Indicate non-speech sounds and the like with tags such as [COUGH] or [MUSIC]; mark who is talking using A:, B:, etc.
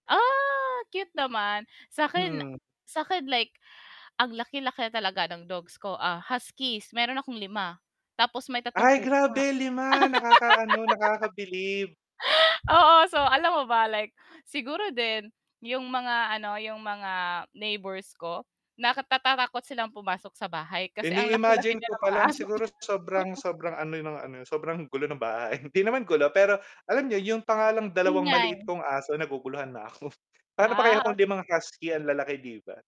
A: Ah! Cute naman. Sa'kin
B: Mm.
A: sa'kin like ang laki-laki na talaga ng dogs ko, ah, Huskies. Meron akong 5 tapos may 3
B: Ay,
A: pusa.
B: grabe, 5. Nakakaano, nakabilib.
A: [LAUGHS] Oo, so, alam mo ba like siguro din yung mga ano, yung mga neighbors ko, nak natatakot silang pumasok sa bahay kasi ang laki-laki
B: Ini-imagine
A: rin
B: ko
A: ng
B: pa
A: mga
B: lang
A: aso ko.
B: siguro sobrang
A: [CHUCKLES]
B: sobrang ano ng ano niyo, sobrang gulo ng bahay. Hindi naman gulo, pero alam niyo yun pa nga lang 2 maliit
A: Ingay.
B: kong aso naguguluhan na ako. Pa'no pa kaya
A: Ah, okey.
B: kung 5 Husky ang lalaki, 'di ba?